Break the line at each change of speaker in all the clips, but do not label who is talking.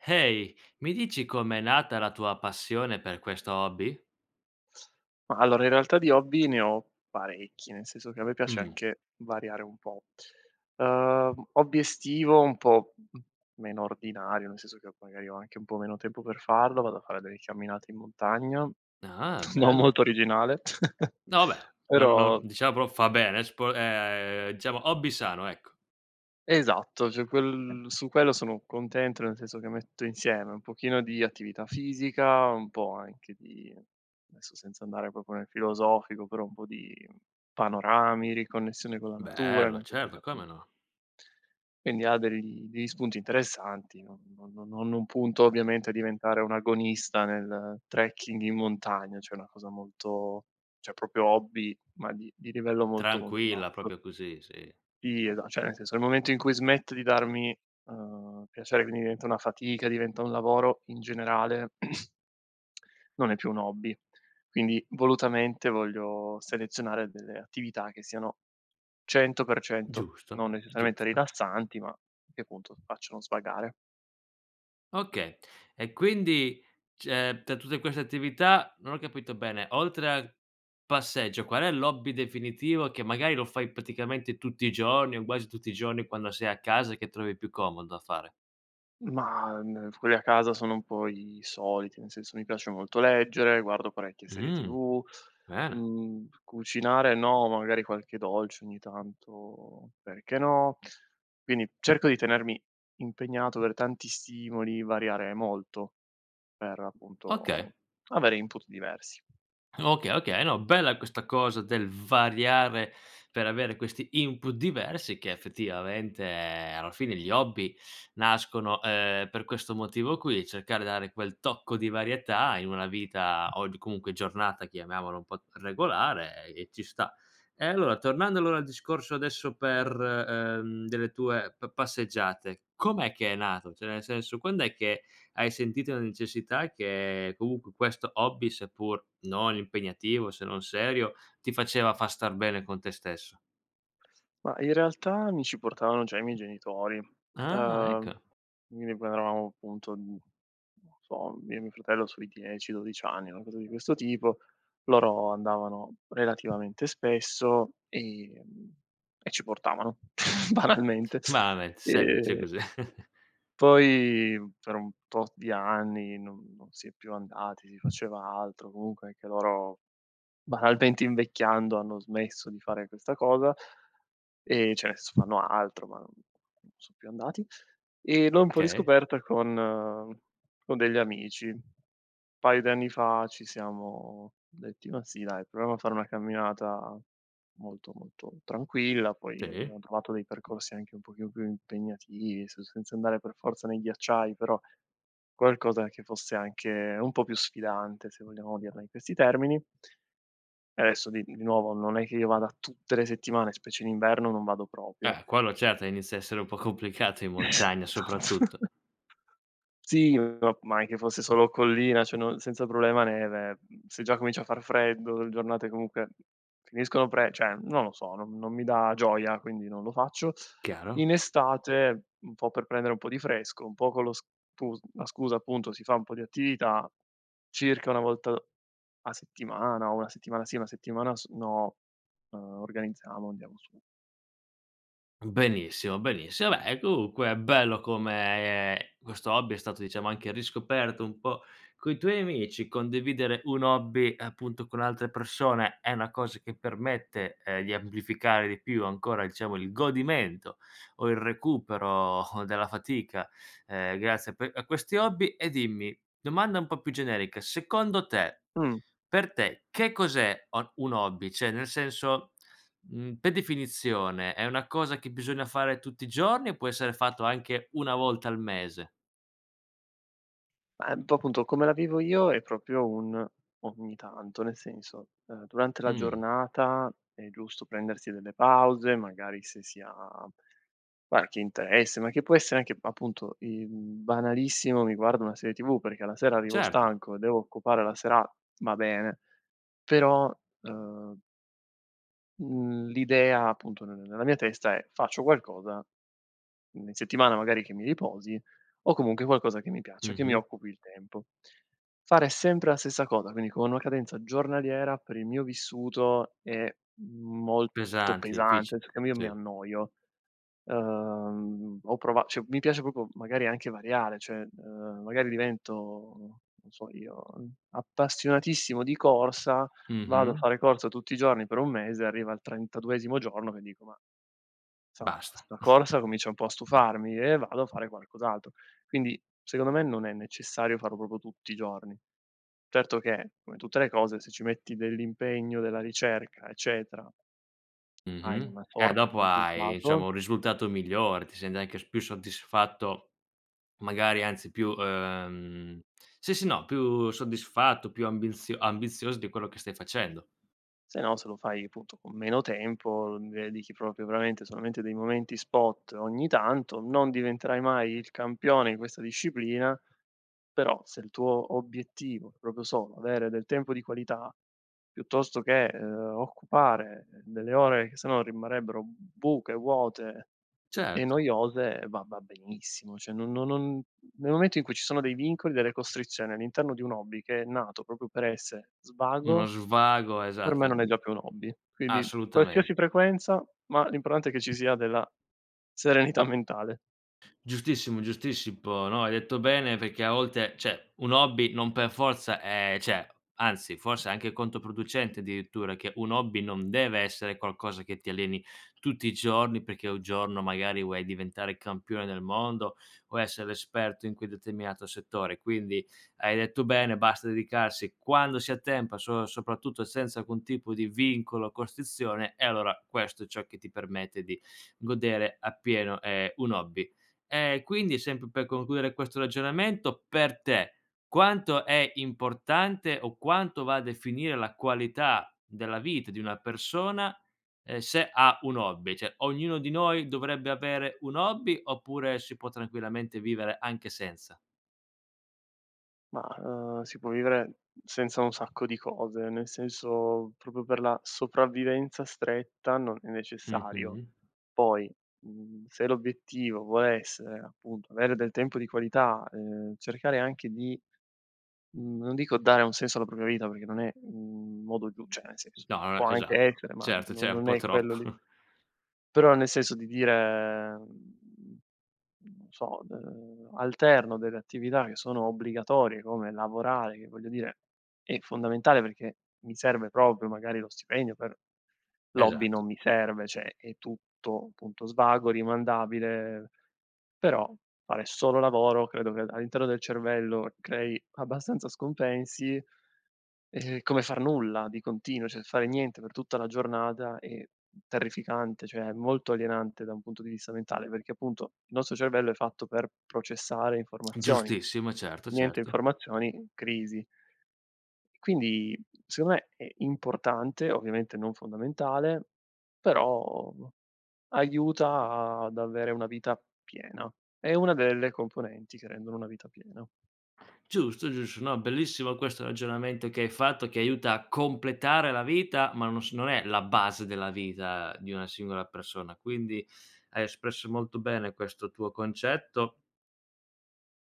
Ehi, mi dici come è nata la tua passione per questo hobby?
Ma allora, in realtà di hobby ne ho parecchi, nel senso che a me piace
Mh.
anche variare un po'. Uhm, hobby estivo un po' meno ordinario nel senso che magari ho anche un po' meno tempo per farlo, vado a fare delle camminate in montagna,
Ah,
non
bello!
molto originale
No vabè no no
però
diciamo fa bene spo ehm, diciamo hobby sano, ecco.
Esatto, cioè quel su quello sono contento nel senso che metto insieme un pochino di attività fisica, un po' anche di adesso senza andare proprio nel filosofico però un po' di panorami, riconnessione con la natura,
Bello,
nel senso che
certo come
appunto
no.
Quindi ha dei degli spunti interessanti non no no non punto ovviamente a diventare un agonista nel trekking in montagna, cioè una cosa molto cioè proprio hobby ma di di livello molto, molto
Tranquilla
basso.
proprio così, sì.
Sì esa cioè nel senso nel momento in cui smetto di darmi, uhm, piacere quindi diventa una fatica diventa un lavoro in generale non è più un hobby. Quindi volutamente voglio selezionare delle attività che siano 100%
Giusto,
non necessariamente
giusto.
rilassanti ma che appunto facciano svagare.
Okay. E quindi cioè tra tutte queste attività, non ho capito bene oltre al passeggio, qual è l'hobby definitivo che magari lo fai praticamente tutti i giorni o quasi tutti i giorni, quando sei a casa che trovi più comodo da fare?
Ma, uhm, quelli a casa sono un po' i soliti, nel senso mi piace molto leggere, guardo parecchie serie
Mhmm,
TV,
bene.
mhmm, cucinare no, magari qualche dolce ogni tanto, perché no, quindi cerco di tenermi impegnato aver tanti stimoli, variare molto, per
Okay.
appunto avere input diversi.
Okay, okay, no bella questa cosa del variare per avere questi input diversi che effettivamente, ehm, alla fine gli hobby nascono, uhm, per questo motivo qui, cercare di dare quel tocco di varietà in una vita o di comunque giornata, chiamiamolo un po' regolare, e ci sta. E allora tornando allora al discorso adesso per, uhm, delle tue pa passeggiate, com'è che è nato? Cioè nel senso, quand'è che hai sentito la necessità che comunque questo hobby, seppur non impegnativo, se non serio, ti faceva far star bene con te stesso?
Ma, in realtà, mi ci portavano già i miei genitori.
Ah,
Ehm,
ecco.
mi avevano, appunto n non lo so, io e mio fratello sui 10, 12 anni, una cosa di questo tipo. Loro andavano relativamente spesso, ehm, e ci portavano banalmente.
Banalmente, semplice
Ehm
così.
poi, mhmm, per un tot di anni non non si è più andati, si faceva altro, comunque anche loro, banalmente, invecchiando hanno smesso di fare questa cosa. Ehm, cioè, ne senso, fanno altro ma non son più andati. Ehm, l'ho un po'
Okay.
riscoperta con con degli amici. Paio di anni fa ci siamo detti: "Ma sì, dai, proviamo a fare una camminata molto, molto tranquilla." Poi
Sì.
abbiamo provato dei percorsi anche un pochino più impegnativi, se senza andare per forza nei ghiacciai, però qualcosa che fosse anche un po' più sfidante, se vogliamo dirla in questi termini adesso, di di nuovo, non è che io vada tutte le settimane, specie in inverno, non vado proprio.
Eh, quello certo, inizia a essere un po' complicato, in
Esatt
montagna soprattutto.
sì ma ma anche fosse solo collina, cioè non senza problema neve, mhmm, se già comincia a far freddo, le giornate comunque finiscono pre cioè, non lo so, non non mi dà gioia, quindi non lo faccio.
Chiaro.
In estate un po' per prendere un po' di fresco, un po' con lo stus la scusa, appunto, si fa un po' di attività, circa una volta a settimana, o una settimana sì e una settimana s no, uhm, organizziamo e andiamo su.
Benissimo, benissimo. Vabbè comunque è bello come, ehm, questo hobby è stato, diciamo, anche riscoperto un po' coi tuoi amici. Condividere un hobby appunto con altre persone è una cosa che permette, ehm, di amplificare di più ancora, diciamo, il godimento o il recupero, ehm, della fatica, ehm, grazie a pe a questi hobby. E dimmi domanda un po' più generica: secondo te
Mh.
per te che cos'è, uhm, un hobby? Cioè nel senso, mhmm, per definizione è una cosa che bisogna fare tutti i giorni o può essere fatto anche una volta al mese?
Ehm, un po' appunto come la vivo io è proprio un, ogni tanto. Nel senso, ehm, durante la
Mh.
giornata è giusto prendersi delle pause, magari se si ha qualche interesse, ma che può essere anche appunto il banalissimo mi guardo una serie tv perché la sera arrivo
Certo.
stanco e devo occupare la sera va bene però, ehm mhmm l'idea appunto nel nella mia testa è: "Faccio qualcosa in settimana, magari, che mi riposi o comunque qualcosa che mi piace, che mi
Mh-mh.
occupi il tempo." Fare sempre la stessa cosa, quindi con una cadenza giornaliera, per il mio vissuto, è molto
Pesanti,
pesante,
difficile,
cioè che io mi
sì.
annoio, ehm, ho prova cioè mi piace proprio magari anche variare, cioè ehm, magari divento, non so io, appassionatissimo di corsa, vado a
Mh-mh.
fare corsa tutti i giorni per un mese, arriva al trentaduesimo giorno che dico: "Ma, insomma
Basta.
sta corsa comincia un po' a stufarmi." E vado a fare qualcos'altro. Quindi secondo me non è necessario farlo proprio tutti i giorni. Certo che, come tutte le cose, se ci metti dell'impegno, della ricerca, eccetera, hai
Mh-mh.
una
Eh
sorta di
dopo hai, diciamo,
risultato
un risultato migliore, ti senti anche s più soddisfatto magari anzi più ehm sì, sì, no più soddisfatto, più ambinz ambizoso di quello che stai facendo.
se no, se lo fai appunto con meno tempo, [unintelligible] dedichi proprio veramente solamente dei momenti spot ogni tanto, non diventerai mai il campione di questa disciplina, però se il tuo obiettivo è proprio solo avere del tempo di qualità, piuttosto che, ehm, occupare, ehm, delle ore che sennò rimarrebbero buche, vuote e
Certo.
noiose, va va benissimo cioè- no non nel momento in cui ci sono dei vincoli, delle costrizioni all'interno di un hobby, che è nato proprio per essere
Uno
svago,
svago
per me
esatto
non è
i
già più un hobby. Quindi
assolutame
qualsiasi frequenza, ma l'importante è che ci sia della serenità mentale.
Giustissimo, giustissimo, no, hai detto bene perché a volte cioè un hobby non per forza è cioè anzi forse è anche controproducente addirittura che un hobby non deve essere qualcosa che ti alleni tutti i giorni, perché un giorno magari vuoi diventare campione del mondo o essere esperto in quel determinato settore. Quindi hai detto bene, basta dedicarsi quando si ha tempo, so soprattutto senza alcun tipo di vincolo o costrizione e allora questo è ciò che ti permette di godere appieno, ehm, un hobby. E quindi, sempre per concludere questo ragionamento, per te quanto è importante o quanto va a definire la qualità della vita di una persona, ehm, se ha un hobby. Cioè ognuno di noi dovrebbe avere un hobby oppure si può tranquillamente vivere anche senza?
Ma, uhm, si può vivere senza un sacco di cose, nel senso proprio per la sopravvivenza stretta non è necessario.
Mh-mh.
Poi, mhmm, se l'obiettivo vuole essere, appunto, avere del tempo di qualità, ehm, cercare anche di, mhmm, non dico dare un senso alla propria vita perché non è, mhmm, un modo giu cioè nel senso,
No, non è
può
che
anche
esatto.
essere ma
Certo,
no
cioè è un
non
po'
è quello lì.
troppo.
Però nel senso di dire, mhmm, non so, uhm, alterno delle attività che sono obbligatorie come lavorare che, voglio dire, è fondamentale perché mi serve proprio magari lo stipendio per l'hobby
Esatto.
non mi serve, cioè è tutto punto svago, rimandabile, però fare solo lavoro credo che al all'interno del cervello crei abbastanza scompensi e come far nulla di continuo, cioè fare niente per tutta la giornata è terrificante, cioè molto alienante da un punto di vista mentale, perché appunto il nostro cervello è fatto per processare informazioni,
Giustissimo, certo,
niente
certo.
informazioni: crisi. E quindi, secondo me, è importante, ovviamente non fondamentale, però aiuta ad avere una vita piena, è una delle componenti che rendono una vita piena.
Giusto, giusto. No, bellissimo questo ragionamento che hai fatto, che aiuta a completare la vita ma non s non è la base della vita di una singola persona, quindi hai espresso molto bene questo tuo concetto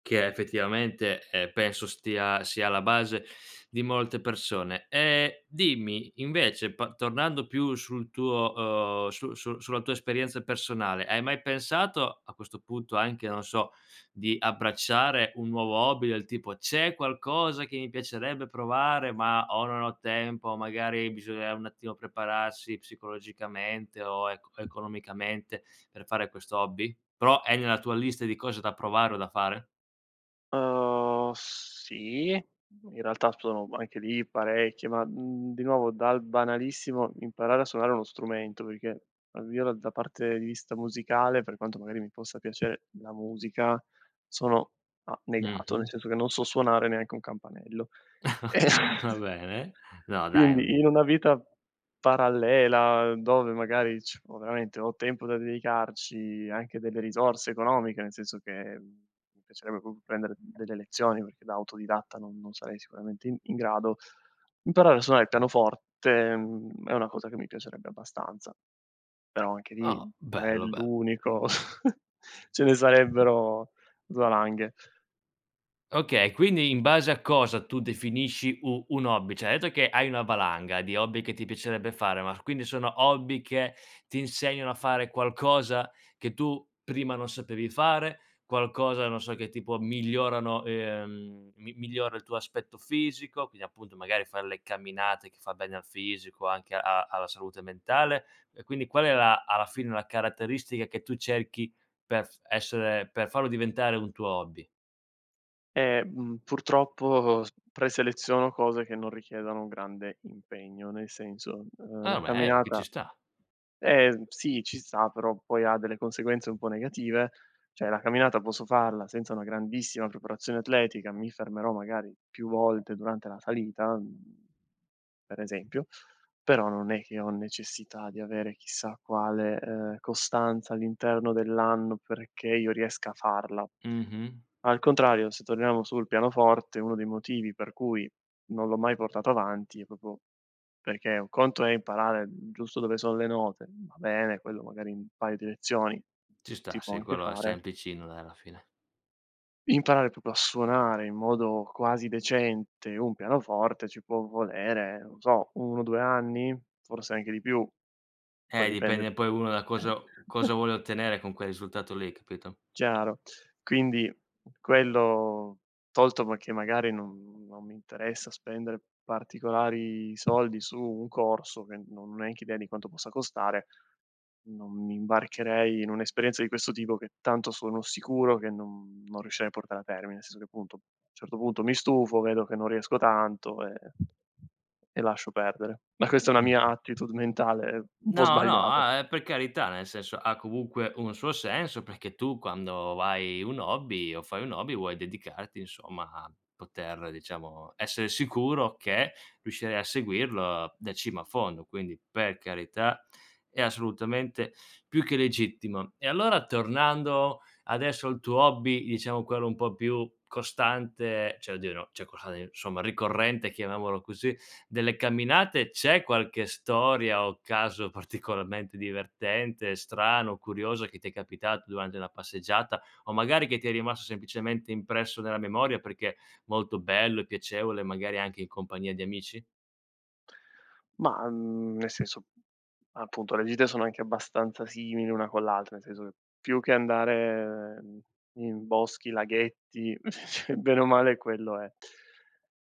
che è effettivamente, eh penso stia sia alla base di molte persone. Ehm, dimmi invece pa tornando più sul tuo, uhm, su su sulla tua esperienza personale hai mai pensato a questo punto anche, non so, di abbracciare un nuovo hobby? Del tipo: "C'è qualcosa che mi piacerebbe provare, ma o non ho tempo", o magari bisogna un attimo prepararsi psicologicamente o eco economicamente per fare questo hobby? Però è nella tua lista di cose da provare o da fare?
Uhm, sì, in realtà sono anche lì parecchio, ma, mhmm, di nuovo dal banalissimo imparare a suonare uno strumento, perché almeno da parte di vista musicale, per quanto magari mi possa piacere la musica, sono, a negato nel
Mh-mh.
senso che non so suonare neanche un campanello eh
Va bene no dai
Quindi in
[unintelligible]
una vita parallela, dove magari ci ho veramente ho tempo da dedicarci, anche delle risorse economiche nel senso che, mhmm, mi piacerebbe proprio prendere delle lezioni perché da autodidatta non non sarei sicuramente in in grado, imparare a suonare il pianoforte, mhmm, è una cosa che mi piacerebbe abbastanza, però anche lì
Oh,
non è
bello bel
l'unico ce ne sarebbero valanghe.
Okay, quindi in base a cosa tu definisci u un hobby? Cioè hai detto che hai una valanga di hobby che ti piacerebbe fare, ma quindi sono hobby che ti insegnano a fare qualcosa che tu prima non sapevi fare? Qualcosa, non so, che tipo migliorano, ehm, mi migliora il tuo aspetto fisico? Quindi appunto magari fare le camminate che fa bene al fisico, anche a alla salute mentale. E quindi qual è la alla fine la caratteristica che tu cerchi perf essere per farlo diventare un tuo hobby?
Ehm, purtroppo, s preseleziono cose che non richiedono un grande impegno, nel senso, ehm
Ah,
la
me chi ci
camminata
sta.
eh, sì ci sta, però poi ha delle conseguenze un po' negative. Cioè la camminata posso farla senza una grandissima preparazione atletica, mi fermerò magari più volte durante la salita, mhmm, per esempio, però non è che ho necessità di avere chissà quale, ehm, costanza all'interno dell'anno perché io riesca a farla.
Mh-mh.
Al contrario, se torniamo sul pianoforte, uno dei motivi per cui non l'ho mai portato avanti è proprio perché un conto è imparare, mhmm giusto dove sono le note, ma va bene, quello magari in un paio di lezioni
Ci
si
sta,
può
se
anche
quello è
fare
semplicino dai alla fine.
imparare proprio a suonare in modo quasi decente un pianoforte ci può volere, non so, 1, due anni? Forse anche di più, poi
Eh,
dipende
dipende poi uno da
da eh
cosa cosa vuole ottenere con quel risultato lì, capito?
Chiaro. Quindi, quello tolto perché magari non non mi interessa spendere particolari soldi su un corso, che non ho neanche idea di quanto possa costare, non mi imbarcherei in un'esperienza di questo tipo, che tanto sono sicuro che non non riuscirei a portare a termine. Nel senso che appunto, a un certo punto mi stufo vedo che non riesco tanto, ehm e lascio perdere, ma questa è una
Mh-mh.
mia attitude mentale un po'
No no,
sbagliata.
ah, uhm, per carità nel senso ha comunque un suo senso, perché tu quando vai un hobby o fai un hobby vuoi dedicarti insomma a poter diciamo essere sicuro che riuscirai a seguirlo da cima a fondo. Quindi, per carità è assolutamente più che legittimo. E allora tornando adesso al tuo hobby, diciamo quello un po' più costante cioè oddio, no cioè quello insomma ricorrente, chiamiamolo così, delle camminate, c'è qualche storia o caso particolarmente divertente, strano, curioso che ti è capitato durante una passeggiata o magari che ti è rimasto semplicemente impresso nella memoria, perché molto bello e piacevole magari anche in compagnia di amici?
Mah, mhmm, nel senso, appunto le gite sono anche abbastanza simili una con l'altra, nel senso che più che andare, uhm, in boschi, laghetti bene o male quello è,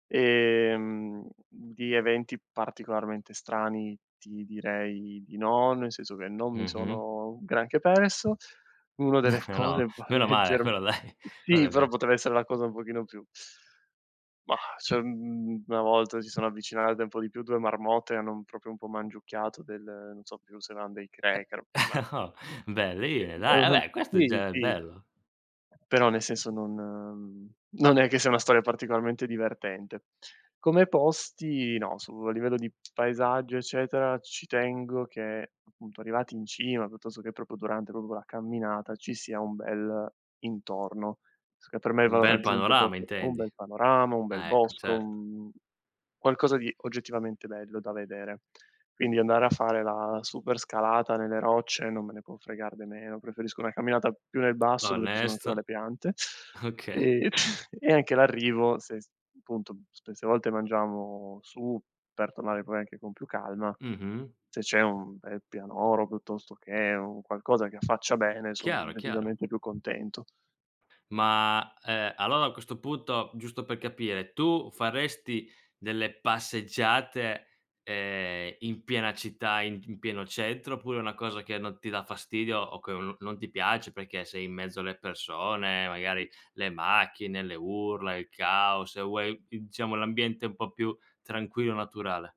ehm, di eventi particolarmente strani ti direi di no, nel senso che non mi
Mh-mh.
sono granché perso. Uno
No
delle cose va a
meno male
leggerm
quello dai
sì
quello è
però
bel
poteva essere la cosa un pochino più Mah, cioè mhmm, una volta si sono avvicinate un po' di più 2 marmotte, hanno un proprio un po' mangiucchiato del non so più se erano dei
Eh
cracker ma
no beh lì
è
dai
una,
vabbè questo è
sì
già
sì
bello.
però nel senso non, mhmm, non è che sia una storia particolarmente divertente. Come posti, no, su a livello di paesaggio eccetera, ci tengo che appunto arrivati in cima, piuttosto che proprio durante proprio quella camminata, ci sia un bel intorno. So che per me il
Un
valore
bel
aggiunto è
panorama
proprio un
intendi.
bel panorama, un bel
Ah ecco,
bosco,
certo.
mhmm, un qualcosa di oggettivamente bello da vedere. Quindi andare a fare la super scalata nelle rocce, non me ne può fregar de meno, preferisco una camminata più nel basso dove ci sono ancora
Onesto.
le piante,
Okay.
ehm, e anche l'arrivo s se appunto, spesse volte mangiamo su, per tornare poi anche con più calma,
Mh-mh.
se c'è un bel pianoro piuttosto che un qualcosa che affaccia bene son
Chiaro, chiaro.
decisamente più contento.
Ma, ehm allora a questo punto giusto per capire tu faresti delle passeggiate, ehm, in piena città in pi pieno centro oppure è una cosa che non ti dà fastidio o che o non non ti piace perché sei in mezzo alle persone, magari le macchine, le urla, il caos e vuoi diciamo l'ambiente un po' più tranquillo, naturale?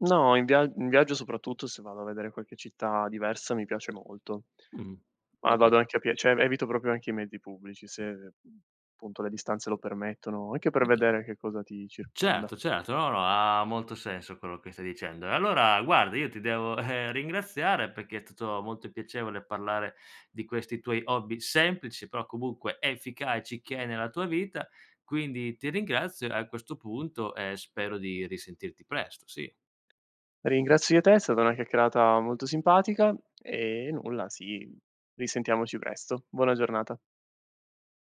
No, in via in viaggio, soprattutto se vado a vedere qualche città diversa, mi piace molto.
Mhmm.
Ma
Oka
vado anche a pie cioè, evito proprio anche i mezzi pubblici, se appunto le distanze lo permettono anche per
Oka
vedere che cosa ti circonda.
Certo, certo. No, no ha molto senso quello che stai dicendo. E allora guarda io ti devo, ehm, ringraziare perché è tutto molto piacevole parlare di questi tuoi hobby semplici, però comunque efficaci che hai nella tua vita, quindi ti ringrazio e a questo punto, ehm, spero di risentirti presto. Sì.
Ringrazio io te, è stata una chiacchierata molto simpatica. Ehm, nulla, sì risentiamoci presto. Buona giornata!